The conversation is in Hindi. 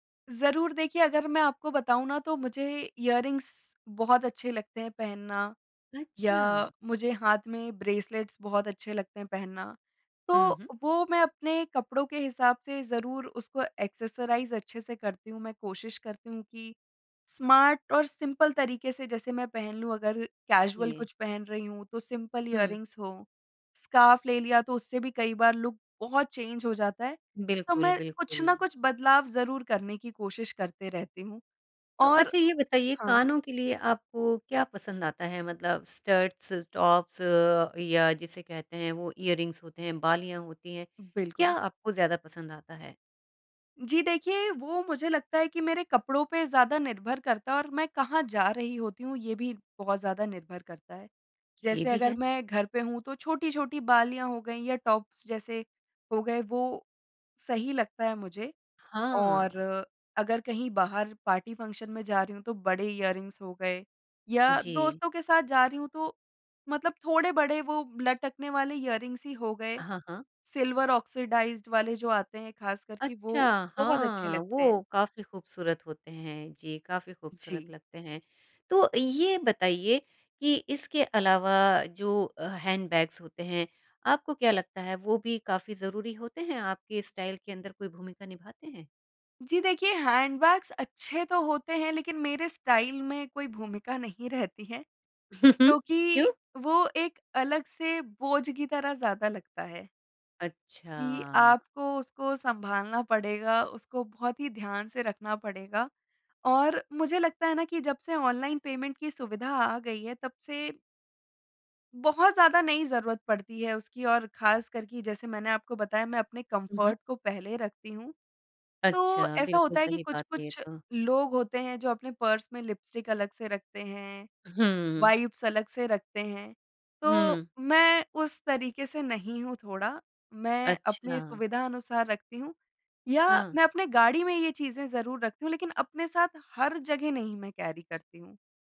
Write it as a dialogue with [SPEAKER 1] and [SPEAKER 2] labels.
[SPEAKER 1] ज़रूर देखिए, अगर मैं आपको बताऊँ ना तो मुझे इयररिंग्स बहुत अच्छे लगते हैं पहनना या
[SPEAKER 2] अच्छा।
[SPEAKER 1] मुझे हाथ में ब्रेसलेट्स बहुत अच्छे लगते हैं पहनना। तो
[SPEAKER 2] उ, हुँ।
[SPEAKER 1] वो मैं अपने कपड़ों के हिसाब से ज़रूर उसको एक्सेसराइज़ अच्छे से करती हूँ। मैं कोशिश करती हूँ कि स्मार्ट और सिंपल तरीके से जैसे मैं पहन लूँ अगर कैजुअल
[SPEAKER 2] जी।
[SPEAKER 1] कुछ पहन रही हूँ तो सिंपल
[SPEAKER 2] हुँ।
[SPEAKER 1] इयररिंग्स हो, स्कार्फ ले लिया तो उससे भी कई बार लुक बहुत चेंज़ हो जाता है। तो
[SPEAKER 2] बिल्कुल,
[SPEAKER 1] मैं कुछ ना
[SPEAKER 2] बिल्कुल।
[SPEAKER 1] कुछ बदलाव ज़रूर करने की कोशिश करते रहती हूँ।
[SPEAKER 2] तो
[SPEAKER 1] और
[SPEAKER 2] अच्छा ये बताइए
[SPEAKER 1] हाँ।
[SPEAKER 2] कानों के लिए आपको क्या पसंद आता है मतलब स्टड्स, टॉप्स या जिसे कहते हैं वो इयररिंग्स होते हैं, बालियाँ होती हैं। क्या
[SPEAKER 1] बिल्कुल।
[SPEAKER 2] आपको ज़्यादा पसंद आता है?
[SPEAKER 1] जी देखिए, वो मुझे लगता है कि मेरे कपड़ों पे ज़्यादा निर्भर करता है और मैं कहाँ जा रही होती हूँ ये भी बहुत ज़्यादा निर्भर करता है।
[SPEAKER 2] ये
[SPEAKER 1] जैसे
[SPEAKER 2] भी
[SPEAKER 1] अगर
[SPEAKER 2] है।
[SPEAKER 1] मैं घर पे हूँ तो छोटी-छोटी बालियाँ हो गई या टॉप्स जैसे हो गए, वो सही लगता है मुझे। और
[SPEAKER 2] हाँ।
[SPEAKER 1] अगर कहीं बाहर पार्टी, फंक्शन में जा रही हूँ तो बड़े इयररिंग्स हो गए या
[SPEAKER 2] जी
[SPEAKER 1] दोस्तों के साथ जा रही हूँ तो मतलब थोड़े बड़े वो लटकने वाले इयररिंग्स ही हो गए,
[SPEAKER 2] हाँ, हाँ।
[SPEAKER 1] सिल्वर ऑक्सिडाइज्ड वाले जो आते हैं खासकर के
[SPEAKER 2] अच्छा,
[SPEAKER 1] वो बहुत अच्छे
[SPEAKER 2] हाँ,
[SPEAKER 1] लगते
[SPEAKER 2] वो
[SPEAKER 1] हैं।
[SPEAKER 2] काफ़ी खूबसूरत होते हैं जी, काफ़ी खूबसूरत
[SPEAKER 1] जी।
[SPEAKER 2] लगते हैं। तो ये बताइए कि इसके अलावा जो अ, हैंडबैग्स होते हैं, आपको क्या लगता है वो भी काफ़ी ज़रूरी होते हैं आपके स्टाइल के अंदर कोई भूमिका निभाते हैं?
[SPEAKER 1] जी, देखिए हैंडबैग्स अच्छे तो होते हैं लेकिन मेरे स्टाइल में कोई भूमिका नहीं रहती है, क्योंकि
[SPEAKER 2] क्यों?
[SPEAKER 1] वो एक अलग से बोझ की तरह ज़्यादा लगता है। कि
[SPEAKER 2] अच्छा।
[SPEAKER 1] आपको उसको सँभालना पड़ेगा, उसको बहुत ही ध्यान से रखना पड़ेगा। और मुझे लगता है ना कि जब से ऑनलाइन पेमेंट की सुविधा आ गई है तब से बहुत ज़्यादा नहीं ज़रूरत पड़ती है उसकी और ख़ासकर कि जैसे मैंने आपको बताया मैं अपने
[SPEAKER 2] हुँ, हुँ।
[SPEAKER 1] कम्फ़र्ट को पहले रखती हूँ। तो
[SPEAKER 2] अच्छा,
[SPEAKER 1] ऐसा
[SPEAKER 2] बिल्कुल
[SPEAKER 1] होता है कि
[SPEAKER 2] सही बात है ये
[SPEAKER 1] कुछ-कुछ
[SPEAKER 2] तो।
[SPEAKER 1] लोग होते हैं जो अपने पर्स में लिपस्टिक अलग से रखते हैं,
[SPEAKER 2] हुँ।
[SPEAKER 1] वाइप्स अलग से रखते हैं, तो
[SPEAKER 2] हुँ।
[SPEAKER 1] मैं उस तरीके से नहीं हूँ थोड़ा मैं अपनी
[SPEAKER 2] अच्छा।
[SPEAKER 1] सुविधा अनुसार रखती हूँ या
[SPEAKER 2] हाँ।
[SPEAKER 1] मैं अपने गाड़ी में ये चीज़ें ज़रूर रखती हूँ, लेकिन अपने साथ हर जगह नहीं मैं कैरी करती हूँ।